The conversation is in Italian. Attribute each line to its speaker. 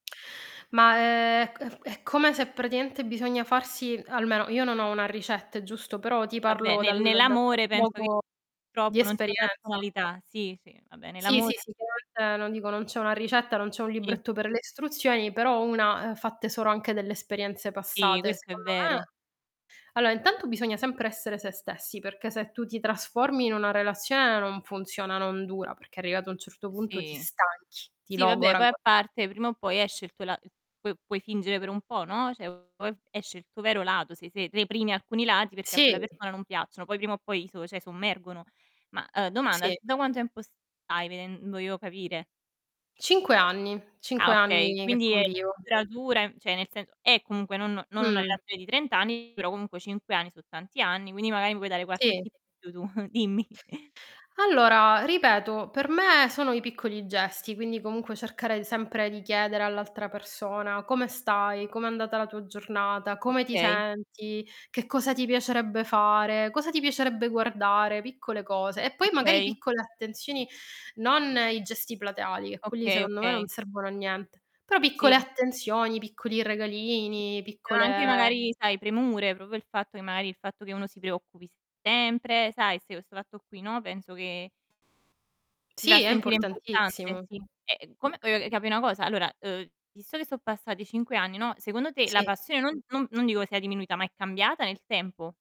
Speaker 1: Ma, ehm, è c è come se praticamente bisogna farsi almeno io non ho una ricetta, è giusto? Però ti
Speaker 2: Vabbè,
Speaker 1: parlo
Speaker 2: nel
Speaker 1: dal da quel
Speaker 2: nell'amore penso che
Speaker 1: poco di
Speaker 2: purtroppo non
Speaker 1: esperienza
Speaker 2: [unintelligible] sì, sì, va bene
Speaker 1: Sì, sì,
Speaker 2: l'amore
Speaker 1: sì, [unintelligible] non dico non c'è una ricetta, non c'è un
Speaker 2: Sì.
Speaker 1: libretto per le istruzioni, però una, ehm, fatte solo anche delle esperienze
Speaker 2: Sì,
Speaker 1: passate,
Speaker 2: questo è
Speaker 1: secondo me
Speaker 2: vero.
Speaker 1: allora, intanto bisogna sempre essere se stessi, perché se tu ti trasformi in una relazione non funziona, non dura, perché arrivato a un certo punto ti
Speaker 2: Sì.
Speaker 1: stanchi, ti
Speaker 2: Sì, vabbè
Speaker 1: logora
Speaker 2: poi a parte,
Speaker 1: [unintelligible]
Speaker 2: prima o poi esce il tuo la es puo puoi fingere per un po', no, cioè poi esce il tuo vero lato, se se reprimi alcuni lati perché a quella
Speaker 1: Sì.
Speaker 2: persona non piacciono, poi prima o poi i so cioè sommergono. Ma, ehm, domanda
Speaker 1: Sì.
Speaker 2: tu da quanto tempo stai? veden voglio capire.
Speaker 1: 5 anni,
Speaker 2: Ah,
Speaker 1: 5
Speaker 2: okay
Speaker 1: anni che
Speaker 2: quindi è
Speaker 1: convivo.
Speaker 2: duratura, ehm, cioè nel senso è comunque non non una
Speaker 1: Mh.
Speaker 2: relazione di 30 anni, però comunque 5 anni so' tanti anni, quindi magari mi puoi dare qualche
Speaker 1: Sì.
Speaker 2: tip in più tu, dimmi.
Speaker 1: Allora, ripeto per me sono i piccoli gesti, quindi comunque cercare sempre di chiedere all'altra persona: "Come stai? Com'è andata la tua giornata? Come ti
Speaker 2: Okay.
Speaker 1: senti? Che cosa ti piacerebbe fare? Cosa ti piacerebbe guardare?" Piccole cose e poi magari
Speaker 2: Okay.
Speaker 1: piccole attenzioni, non i gesti plateali, che quelli
Speaker 2: Okay,
Speaker 1: secondo me non
Speaker 2: okay.
Speaker 1: servono a niente, però piccole
Speaker 2: Sì.
Speaker 1: attenzioni, piccoli
Speaker 2: Sì.
Speaker 1: regalini,
Speaker 2: Però anche
Speaker 1: piccole
Speaker 2: magari sai premure, proprio il fatto che magari il fatto che uno si preoccupi sempre, sai se o 'sto fatto qui, no, penso che ti fa
Speaker 1: Sì, è
Speaker 2: sentire importante,
Speaker 1: importantissimo.
Speaker 2: sì. Ehm,
Speaker 1: Mh.
Speaker 2: come voglio capì una cosa. Allora, ehm, visto che son passati 5 anni, no, secondo te, la
Speaker 1: Sì.
Speaker 2: passione non non non dico sia diminuita, ma è cambiata nel tempo?